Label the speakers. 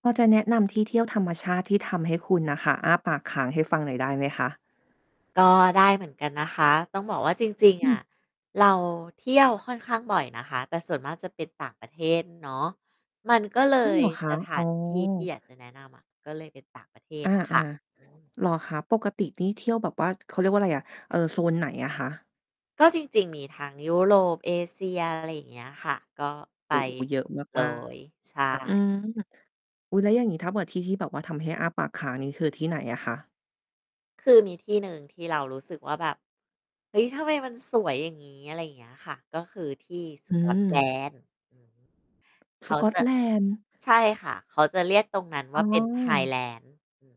Speaker 1: พอจะแนะนำที่เที่ยวธรรมชาติที่ทำให้คุณน่ะค่ะ อ้าปากคางให้ฟังหน่อยได้ไหมคะ?
Speaker 2: ก็ได้เหมือนกันนะคะ ต้อง บอกว่าจริง
Speaker 1: อ
Speaker 2: ๆ
Speaker 1: ื
Speaker 2: อะ
Speaker 1: ม
Speaker 2: เราเที่ยวค่อนข้างบ่อยนะคะ แต่ส่วนมากจะเป็นต่างประเทศเนาะ มันก็เล
Speaker 1: อ้อ
Speaker 2: ย
Speaker 1: เหรอคะ?
Speaker 2: สถ
Speaker 1: อ๋
Speaker 2: า
Speaker 1: อ
Speaker 2: นที่ที่อยากจะแนะนำอะ ก็เลยเป็นต่างประเทศ
Speaker 1: อา
Speaker 2: อะค่ะ อืม
Speaker 1: ๆ เหรอคะ? ปกตินี่เที่ยวแบบว่า เขาเรียกว่าอะไรอะ เอ่อ โซนไหนอะคะ?
Speaker 2: ก็จริง ๆ มีทั้งยุโรป เอเชีย อะไรอย่างเงี้ยค่ะ ก็ไป
Speaker 1: โอ้! เยอะ
Speaker 2: เล
Speaker 1: มาก
Speaker 2: ย ใช
Speaker 1: ๆ อื
Speaker 2: ่
Speaker 1: ม อุ๊ย แล้วอย่างนี้ ถ้าแบบที่ที่แบบว่าทำให้อ้าปากค้าง นี่คือที่ไหนอะคะ?
Speaker 2: คือมีที่หนึ่งที่เรารู้สึกว่าแบบ "เฮ้ย ทำไมมันสวยอย่างงี้" อะไรอย่างเงี้ยค่ะ ก็คือที่ส
Speaker 1: อื
Speaker 2: กอตแล
Speaker 1: ม
Speaker 2: นด์ อือ เข
Speaker 1: ส
Speaker 2: า
Speaker 1: กอ
Speaker 2: จ
Speaker 1: ต
Speaker 2: ะ
Speaker 1: แลนด์
Speaker 2: ใช่ค่ะ เขาจะเรียกตรงนั้น
Speaker 1: อ
Speaker 2: ว
Speaker 1: ๋
Speaker 2: ่าเป็น
Speaker 1: อ
Speaker 2: Highlands อืม